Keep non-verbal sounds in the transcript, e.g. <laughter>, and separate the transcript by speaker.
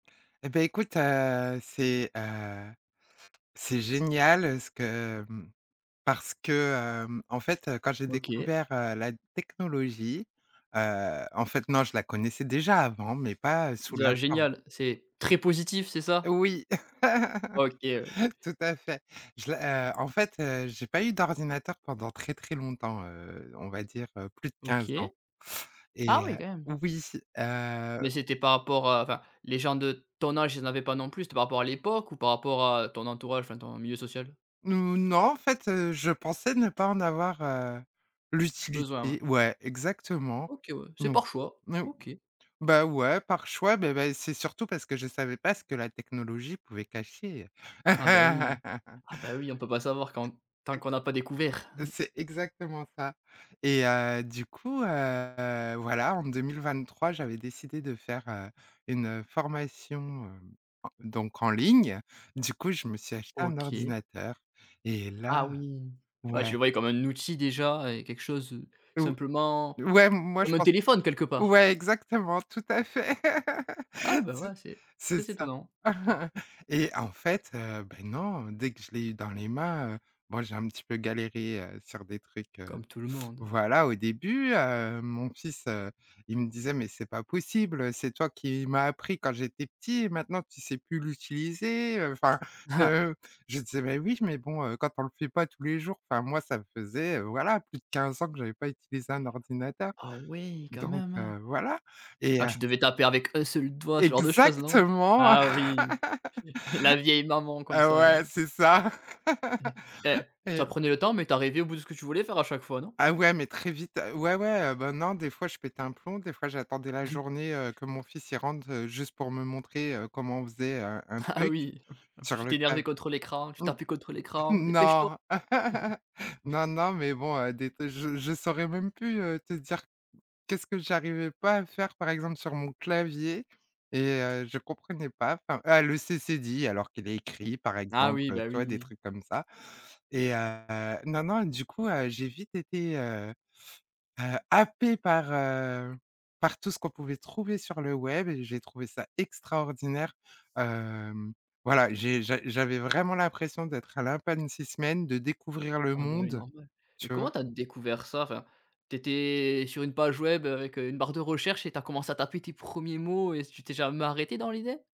Speaker 1: Et beh écoute, heu, c'est, heu, c'est génial ce que, mmh, parce que, hem, en fait, quand j'ai
Speaker 2: OK.
Speaker 1: découvert, heu, la technologie, heu, en fait non, je la connaissais déjà avant, mais pas, heu, sous
Speaker 2: Dis:
Speaker 1: la
Speaker 2: «ah
Speaker 1: forme
Speaker 2: génial», c'est très positif, c'est ça?
Speaker 1: Oui,
Speaker 2: OK, oui.
Speaker 1: <chuckles> tout à fait. Je la heu, en fait, heu, j'ai pas eu d'ordinateur pendant très, très longtemps, heu, on va dire, heu, plus de 15
Speaker 2: OK.
Speaker 1: ans.
Speaker 2: Ah
Speaker 1: Et
Speaker 2: oui
Speaker 1: heu
Speaker 2: quand même.
Speaker 1: oui, c heu.
Speaker 2: Mais, c'était par rapport à, enfin, les gens de ton âge, ils en avaient pas non plus, c'était par rapport à l'époque? Ou par rapport à ton entourage, enfin ton milieu social?
Speaker 1: N ou, non en fait, heu, je pensais ne pas en avoir, heu,
Speaker 2: Besoin ouais.
Speaker 1: l'utilité ouais exactement.
Speaker 2: OK ouais, c'est
Speaker 1: Non.
Speaker 2: par choix.
Speaker 1: No
Speaker 2: OK.
Speaker 1: ou bah ouais, par choix, bah bah c'est surtout parce que je savais pas ce que la technologie pouvait cacher.
Speaker 2: Ah bah oui,
Speaker 1: <chuckles>
Speaker 2: ah bah oui, on peut pas savoir quand tant qu'on a pas découvert. <chuckles>
Speaker 1: C'est exactement ça. Et heu, du coup, heu, voilà, en 2023, j'avais décidé de faire, heu, une, heu, formation, heu, donc, en ligne. Du coup, je me suis acheté un
Speaker 2: OK.
Speaker 1: ordinateur et
Speaker 2: Ah
Speaker 1: là
Speaker 2: oui. Bah tu
Speaker 1: ouais.
Speaker 2: le voyais comme un outil déjà et quelque chose, heu,
Speaker 1: Ou
Speaker 2: simplement
Speaker 1: ouais, m moi je
Speaker 2: comme un
Speaker 1: pense
Speaker 2: téléphone quelque part.
Speaker 1: ouais exactement, tout à fait,
Speaker 2: Ah
Speaker 1: <laughs>
Speaker 2: bah
Speaker 1: c'est ç
Speaker 2: ouais, c'est
Speaker 1: c'est
Speaker 2: très
Speaker 1: ça.
Speaker 2: étonnant. Heu.
Speaker 1: <chuckles> Et en fait, heu, beh, non, dès que je l'ai eu dans les mains, heu, bon j'ai un petit peu galéré, heu, sur des trucs, <sucks teeth> heu.
Speaker 2: Comme tout le monde.
Speaker 1: Voilà, au début, heu, mon fils, heu, il me disait: «Mais c'est pas possible, c'est toi qui m'a appris quand j'étais petit, et maintenant tu sais plus l'utiliser» heu, enfin
Speaker 2: Ah!
Speaker 1: heu, je disais: «Mais oui, mais bon, heu, quand on le fait pas tous les jours», enfin moi ça me faisait, voilà, plus de 15 ans que j'avais pas utilisé un ordinateur,
Speaker 2: Ah ouais, quand
Speaker 1: donc,
Speaker 2: même, hein.
Speaker 1: heu, voilà. Et
Speaker 2: Ah
Speaker 1: heu.
Speaker 2: tu devais taper avec 1 seul doigt, ce genre de choses non?
Speaker 1: Exactement,
Speaker 2: Ah oui, <chuckles> la vieille maman
Speaker 1: <laughs>
Speaker 2: comme
Speaker 1: heu,
Speaker 2: ça, là.
Speaker 1: ouais, c'est ça. <laughs>
Speaker 2: <chuckles> Eh!
Speaker 1: Et
Speaker 2: Ça prenait le temps, mais tu arrivais au bout ce que tu voulais faire à chaque fois, non?
Speaker 1: Ah ouais, mais très vite. Ouais, ouais, heu, ben non, des fois je pétais un plomb, des fois j'attendais la
Speaker 2: <chuckles>
Speaker 1: journée, heu, que mon fils il rentre, heu, juste pour me montrer, heu, comment on faisait, heu, un
Speaker 2: Ah
Speaker 1: truc.
Speaker 2: oui,
Speaker 1: Sur
Speaker 2: tu
Speaker 1: le clav
Speaker 2: t'énervais contre l'écran, tu
Speaker 1: mmh.
Speaker 2: tapais contre
Speaker 1: <chuckles>
Speaker 2: l'écran, dépêche-toi!
Speaker 1: Non,
Speaker 2: <chuckles>
Speaker 1: non, non, mais bon, heu, des te je je saurais même plus, heu, te dire qu'est-ce que j'arrivais pas à faire par exemple sur mon clavier et heu, je comprenais pas, enfin, ah le c cédille alors qu'il est écrit par
Speaker 2: Ah
Speaker 1: exemple,
Speaker 2: oui,
Speaker 1: heu,
Speaker 2: bah
Speaker 1: tu vois? Des
Speaker 2: oui.
Speaker 1: trucs comme ça. Et heu non, non, du coup, heu, j'ai vite été, heu heu, happée par, heu, par tout ce qu'on pouvait trouver sur le web et j'ai trouvé ça extraordinaire, hem. Voilà, j'ai j'a j'avais vraiment l'impression d'être un lapin de 6 semaines, de découvrir le
Speaker 2: Ah bah ouais
Speaker 1: monde,
Speaker 2: normal. Mais
Speaker 1: tu vois?
Speaker 2: comment tu as découvert ça enfin? Tu étais sur une page web, heu, avec, heu, une barre de recherche et tu as commencé à taper tes 1er mots et tu t'es jamais arrêtée dans l'idée?